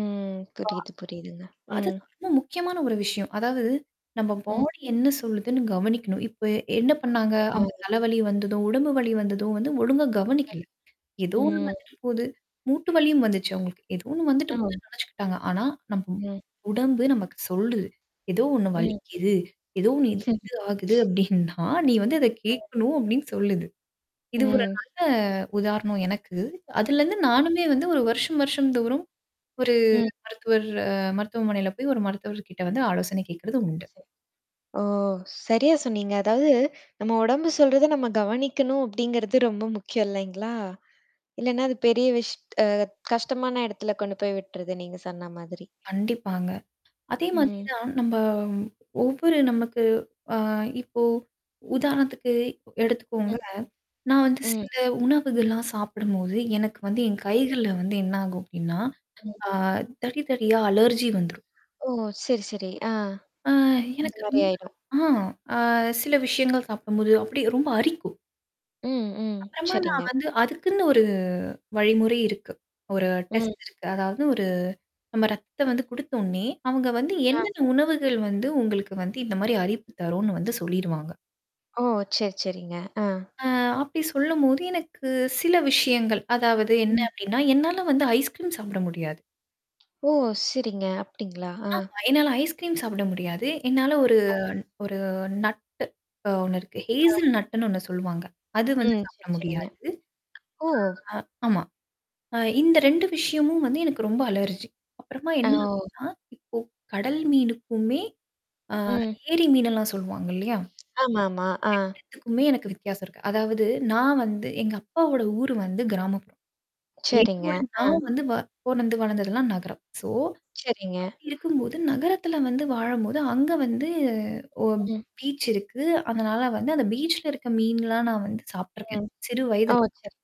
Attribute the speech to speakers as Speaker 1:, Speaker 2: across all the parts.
Speaker 1: ம். புரியுது புரியுதுங்க.
Speaker 2: [unintelligible]
Speaker 1: ம்.
Speaker 2: அதுதான் ரொம்ப முக்கியமான ஒரு விஷயம். அதாவது நம்ம
Speaker 1: ம்.
Speaker 2: பாடி என்ன சொல்லுதுன்னு கவனிக்கணும். இப்ப என்ன பண்ணாங்க அவுங்க
Speaker 1: ஆமாங்க.
Speaker 2: தலவலி வந்ததும், உடம்பு வலி வந்ததும் வந்து ஒழுங்கா கவனிக்கல. ஏதோ ஒண்ணு
Speaker 1: ம்.
Speaker 2: வந்துட்டு போது. மூட்டு வலியும் வந்துச்சு அவங்களுக்கு. ஏதோ ஒண்ணு வந்துட்டு
Speaker 1: [unintelligible]
Speaker 2: போகுதுன்னு நெனச்சுக்கிட்டாங்க. ஆனா, நம்பும்
Speaker 1: ம்.
Speaker 2: உடம்பு நமக்கு சொல்லுது. எதோ ஒண்ணு
Speaker 1: ம்.
Speaker 2: வலிக்குது. ஏதோ ஒண்ணு இது இது ஆகுது அப்டின்னா, நீ வந்து அத கேட்கணும் அப்டின்னு சொல்லுது. இது ஒரு
Speaker 1: ம்.
Speaker 2: நல்ல உதாரணம் எனக்கு. அதுலருந்து நானுமே வந்து 1 வருஷம் வருஷம் தோறும், ஒரு
Speaker 1: ம்.
Speaker 2: மருத்துவர் அ மருத்துவமனையில போய் ஒரு மருத்துவர்கிட்ட வந்து ஆலோசனை கேக்றது உண்டு.
Speaker 1: ஓ! சரியா சொன்னீங்க. அதாவது, "நம்ம உடம்பு சொல்றத நம்ம கவனிக்கணும்." அப்படிங்கிறது ரொம்ப முக்கியம் இல்லைங்களா? இல்லன்னா அது பெரிய விஷ்ட் அ கஷ்டமான இடத்துல கொண்டு போய் விட்டுருது நீங்க சொன்ன மாதிரி.
Speaker 2: கண்டிப்பாங்க. அதே மாதிரி
Speaker 1: ம்.
Speaker 2: தான் நம்ப ஒவ்வொரு நமக்கு அ இப்போ உதாரணத்துக்கு எடுத்துக்கோங்க. நான் வந்து
Speaker 1: ம்.
Speaker 2: சில உணவுகள்லாம் சாப்பிடும்போது, எனக்கு வந்து என் கைகள்ல வந்து என்ன ஆகும் அப்டின்னா, ஆ தடி தடியா அலர்ஜி வந்துரும்.
Speaker 1: ஓ! சரி சரி. ஆ.
Speaker 2: அ
Speaker 1: அந்த
Speaker 2: எனக்கு
Speaker 1: மாரி
Speaker 2: ரொம்ப
Speaker 1: ஆயிடும்.
Speaker 2: ஆ அ சில விஷயங்கள் சாப்பிடும்போது அப்டியே ரொம்ப அரிக்கும்.
Speaker 1: ம் ம்.
Speaker 2: அப்புறமா நான்
Speaker 1: சரிங்க.
Speaker 2: வந்து அதுக்குன்னு ஒரு வழிமுறை இருக்கு. ஒரு
Speaker 1: ம்.
Speaker 2: டெஸ்ட் இருக்கு. அதாவது ஒரு நம்ம ரத்தம் வந்து குடுத்த ஒன்னே, அவங்க வந்து
Speaker 1: ஆ.
Speaker 2: என்னென்ன உணவுகள் வந்து உங்களுக்கு வந்து இந்த மாரி அரிப்பு தரும்ன்னு வந்து சொல்லிருவாங்க.
Speaker 1: ஓ! சரி சரிங்க. ஆ.
Speaker 2: அ அப்படி சொல்லும்போது எனக்கு சில விஷயங்கள், அதாவது என்ன
Speaker 1: ம்.
Speaker 2: அப்டின்னா, என்னால வந்து ஐஸ்க்ரீம் சாப்பிட முடியாது.
Speaker 1: ஓ! சரிங்க. அப்டீங்களா? ஆ.
Speaker 2: ஆமா. என்னால ஐஸ்கிரீம் சாப்பிட முடியாது. என்னால ஒரு ஒரு நட்டு அ ஒண்ணுருக்கு.
Speaker 1: அ.
Speaker 2: ஹேசில் நட்டுன்னு ஒண்ணு சொல்லுவாங்க. அது வந்து
Speaker 1: ம்.
Speaker 2: சாப்பிட
Speaker 1: சரி சரிங்க.
Speaker 2: முடியாது.
Speaker 1: ஓ!
Speaker 2: அ ஆமா. அ இந்த 2 விஷயமும் வந்து எனக்கு ரொம்ப அலர்ஜி. அப்புறமா என்ன அப்டின்னா, இப்போ கடல் மீனுக்குமே அ
Speaker 1: ம்.
Speaker 2: ஏரி மீனெல்லாம் சொல்லுவாங்க இல்லையா?
Speaker 1: ஆமாமா.
Speaker 2: அந்த
Speaker 1: அ.
Speaker 2: 2 த்துக்குமே எனக்கு வித்தியாசம் இருக்கு. அதாவது நான் வந்து எங்க அப்பாவோட ஊர் வந்து கிராமப்புறம்.
Speaker 1: சரிங்க.
Speaker 2: என்னோட
Speaker 1: அ.
Speaker 2: நான் வந்து வ பொறந்து வளர்ந்ததெல்லாம் நகரம். சோ
Speaker 1: சரிங்க.
Speaker 2: அப்படி இருக்கும்போது நகரத்துல வந்து வாழும்போது அங்க வந்து ஒ
Speaker 1: ம்.
Speaker 2: பீச் இருக்கு. அதனால வந்து அந்த பீச்சுல இருக்க மீன்லாம் நான் வந்து சாப்ட்டுருக்கேன்,
Speaker 1: ம்.
Speaker 2: சிறு
Speaker 1: ஓ!
Speaker 2: வயதுல.
Speaker 1: சரி.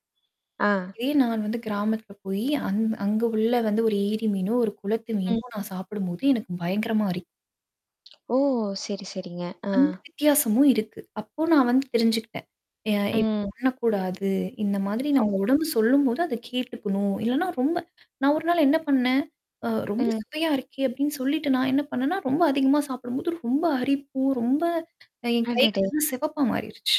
Speaker 1: ஆ.
Speaker 2: இதே நான் வந்து கிராமத்தில போயி, அங் அங்க உள்ள வந்து ஒரு ஏரி மீனோ, ஒரு குளத்து
Speaker 1: ம்.
Speaker 2: மீனோ நான் சாப்பிடும்போது எனக்கு பயங்கரமா அரி
Speaker 1: ஓ! சரி சரிங்க. ஆ.
Speaker 2: அந்த வித்தியாசமும் இருக்கு. அப்போ நான் வந்து தெரிஞ்சுகிட்டேன். அ இப்படி
Speaker 1: ம்.
Speaker 2: பண்ணக்கூடாது. இந்த மாதிரி நம்ம
Speaker 1: [unintelligible]
Speaker 2: உடம்பு சொல்லும்போது அத கேட்டுக்கணும். இல்லன்னா ரொம்ப நான் ஒரு நாள் என்ன பண்ணேன், அ ரொம்ப
Speaker 1: ம்.
Speaker 2: சுவையா இருக்கே அப்படின்னு சொல்லிட்டு நான் என்ன பண்ணேன்னா, ரொம்ப அதிகமா சாப்பிடும்போது ரொம்ப அரிப்பு, ரொம்ப என்
Speaker 1: அடடே!
Speaker 2: கைகள்லாம் செவப்பா மாறிருச்சு.